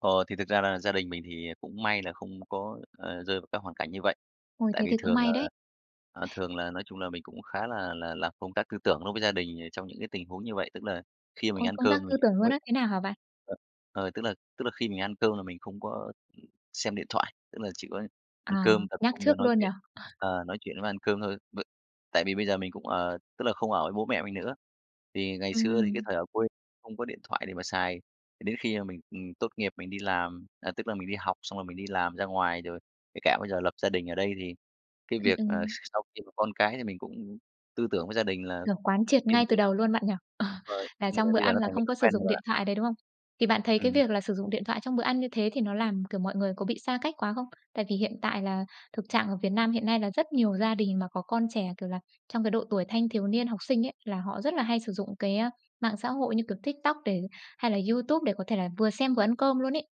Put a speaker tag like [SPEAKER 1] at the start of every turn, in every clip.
[SPEAKER 1] Ờ, thì thực ra là gia đình mình thì cũng may là không có, ờ, rơi vào các hoàn cảnh như vậy.
[SPEAKER 2] Ôi,
[SPEAKER 1] Tại
[SPEAKER 2] thế
[SPEAKER 1] vì
[SPEAKER 2] thì cũng
[SPEAKER 1] thường là,
[SPEAKER 2] may đấy!
[SPEAKER 1] à, thường là, nói chung là, mình cũng khá là là làm công tác tư tưởng đối với gia đình, ờ, trong những cái tình huống như vậy. Tức là khi mình
[SPEAKER 2] Ôi,
[SPEAKER 1] ăn
[SPEAKER 2] công
[SPEAKER 1] cơm
[SPEAKER 2] tác
[SPEAKER 1] mình
[SPEAKER 2] tư tưởng
[SPEAKER 1] cũng,
[SPEAKER 2] luôn á? Thế nào hả bạn?
[SPEAKER 1] à, ờ, tức là tức là khi mình ăn cơm là mình không có xem điện thoại, tức là chỉ có ăn
[SPEAKER 2] À,
[SPEAKER 1] cơm tập
[SPEAKER 2] nhắc
[SPEAKER 1] trung cho
[SPEAKER 2] trước
[SPEAKER 1] nói
[SPEAKER 2] luôn nhỉ?
[SPEAKER 1] chuyện, ờ, nói chuyện với ăn cơm thôi v tại vì bây giờ mình cũng, ờ, tức là không ở với bố mẹ mình nữa. Thì ngày xưa thì cái
[SPEAKER 2] Ừm.
[SPEAKER 1] thời ở quê không có điện thoại để mà xài, thì đến khi mà mình, ừm, tốt nghiệp mình đi làm, à, tức là mình đi học xong rồi mình đi làm ra ngoài, rồi kể cả bây giờ lập gia đình ở đây thì cái
[SPEAKER 2] Ừm,
[SPEAKER 1] việc, ờ, s
[SPEAKER 2] ừm.
[SPEAKER 1] sau khi có con cái thì mình cũng tư tưởng với gia đình là
[SPEAKER 2] Kiểu, quán triệt
[SPEAKER 1] riêng
[SPEAKER 2] ngay từ
[SPEAKER 1] việc
[SPEAKER 2] đầu luôn bạn nhỉ? Ờ.
[SPEAKER 1] rồi, cho
[SPEAKER 2] Là
[SPEAKER 1] nên là
[SPEAKER 2] trong bữa
[SPEAKER 1] bây giờ nó
[SPEAKER 2] ăn là
[SPEAKER 1] thành cái
[SPEAKER 2] không
[SPEAKER 1] thói
[SPEAKER 2] có sử
[SPEAKER 1] quen rồi
[SPEAKER 2] dụng
[SPEAKER 1] bạn
[SPEAKER 2] điện
[SPEAKER 1] ạ.
[SPEAKER 2] thoại đấy, đúng không? Thì bạn thấy cái
[SPEAKER 1] Ừm.
[SPEAKER 2] việc là sử dụng điện thoại trong bữa ăn như thế thì nó làm, kiểu, mọi người có bị xa cách quá không? Tại vì hiện tại là thực trạng ở Việt Nam hiện nay là rất nhiều gia đình mà có con trẻ, kiểu là, trong cái độ tuổi thanh thiếu niên, học sinh ấy, là họ rất là hay sử dụng cái, ờ, mạng xã hội như, kiểu, TikTok để hay là YouTube để có thể là vừa xem vừa ăn cơm luôn ấy.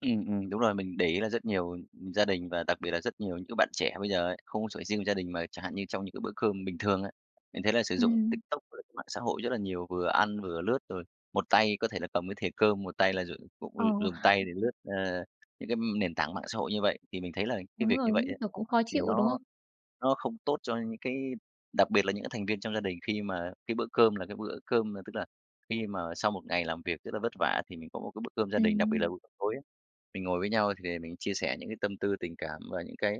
[SPEAKER 1] Ừm, ừm, đúng rồi, mình để ý là rất nhiều, ừm, gia đình, và đặc biệt là rất nhiều những cái bạn trẻ bây giờ ấy, không có chỉ riêng gia đình mà chẳng hạn như trong những cái bữa cơm bình thường ấy, mình thấy là sử dụng
[SPEAKER 2] Ừm.
[SPEAKER 1] TikTok với lại cái mạng xã hội rất là nhiều, vừa ăn vừa lướt. Rồi một tay có thể là cầm cái thìa cơm, một tay là dùng cũng
[SPEAKER 2] Ờ.
[SPEAKER 1] dùng tay để lướt, ờ, những cái, ừm, nền tảng mạng xã hội như vậy. Thì mình thấy là cái
[SPEAKER 2] Đúng
[SPEAKER 1] việc như
[SPEAKER 2] rồi,
[SPEAKER 1] vậy
[SPEAKER 2] như
[SPEAKER 1] á,
[SPEAKER 2] kiểu, cũng khó
[SPEAKER 1] thì
[SPEAKER 2] chịu đúng
[SPEAKER 1] nó
[SPEAKER 2] không?
[SPEAKER 1] nó không tốt cho những cái, đặc biệt là những cái thành viên trong gia đình khi mà cái bữa cơm là cái bữa cơm là tức là khi mà sau một ngày làm việc rất là vất vả thì mình có một cái bữa cơm gia đình. Đặc biệt là
[SPEAKER 2] Ừm.
[SPEAKER 1] bữa tối á, mình ngồi với nhau thì để mình chia sẻ những cái tâm tư tình cảm và những cái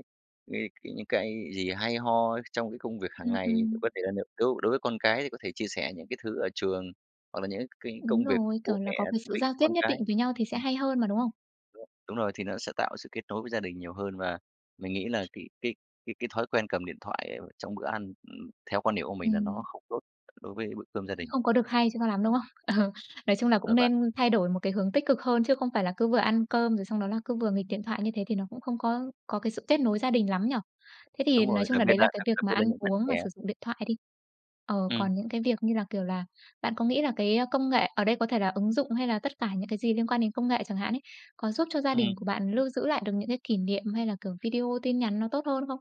[SPEAKER 1] v cái những cái gì hay ho trong cái công việc hàng
[SPEAKER 2] Ừm,
[SPEAKER 1] ngày. Liệu
[SPEAKER 2] ừm.
[SPEAKER 1] có thể là nếu đối đối với con cái thì có thể chia sẻ những cái thứ ở trường, hoặc là những cái cái
[SPEAKER 2] Đúng
[SPEAKER 1] công việc
[SPEAKER 2] rồi,
[SPEAKER 1] của bố
[SPEAKER 2] kiểu
[SPEAKER 1] mẹ
[SPEAKER 2] là, có cái
[SPEAKER 1] thú
[SPEAKER 2] sự
[SPEAKER 1] vị
[SPEAKER 2] giao tiếp
[SPEAKER 1] con
[SPEAKER 2] nhất định
[SPEAKER 1] cái.
[SPEAKER 2] với nhau thì sẽ
[SPEAKER 1] Ừm.
[SPEAKER 2] hay hơn mà, đúng không?
[SPEAKER 1] Đúng rồi, thì nó sẽ tạo sự kết nối với gia đình nhiều hơn, và mình nghĩ là cái cái cái cái thói quen cầm điện thoại trong bữa ăn, ừm, theo quan điểm của mình là nó
[SPEAKER 2] Ừm.
[SPEAKER 1] không tốt đối với bữa cơm gia
[SPEAKER 2] Cũng
[SPEAKER 1] đình.
[SPEAKER 2] không có được hay cho nó lắm, đúng không? Ờ, nói chung là
[SPEAKER 1] Rồi
[SPEAKER 2] cũng
[SPEAKER 1] bạn.
[SPEAKER 2] nên thay đổi một cái hướng tích cực hơn chứ không phải là cứ vừa ăn cơm rồi xong đó là cứ vừa nghịch điện thoại, như thế thì nó cũng không có có cái sự kết nối gia đình lắm nhỉ? Thế thì
[SPEAKER 1] Đúng
[SPEAKER 2] nói
[SPEAKER 1] rồi,
[SPEAKER 2] chung
[SPEAKER 1] đặc
[SPEAKER 2] là
[SPEAKER 1] biệt
[SPEAKER 2] đấy
[SPEAKER 1] là
[SPEAKER 2] là cái
[SPEAKER 1] đặc
[SPEAKER 2] việc
[SPEAKER 1] đặc
[SPEAKER 2] mà
[SPEAKER 1] biệt là
[SPEAKER 2] ăn
[SPEAKER 1] những bạn
[SPEAKER 2] uống mà
[SPEAKER 1] trẻ.
[SPEAKER 2] sử dụng điện thoại đi, ờ,
[SPEAKER 1] Ừm.
[SPEAKER 2] còn những cái việc như là, kiểu là, bạn có nghĩ là cái công nghệ, ở đây có thể là ứng dụng hay là tất cả những cái gì liên quan đến công nghệ chẳng hạn ấy, có giúp cho gia đình
[SPEAKER 1] Ừm.
[SPEAKER 2] của bạn lưu giữ lại được những cái kỷ niệm hay là, kiểu, video, tin nhắn nó tốt hơn không?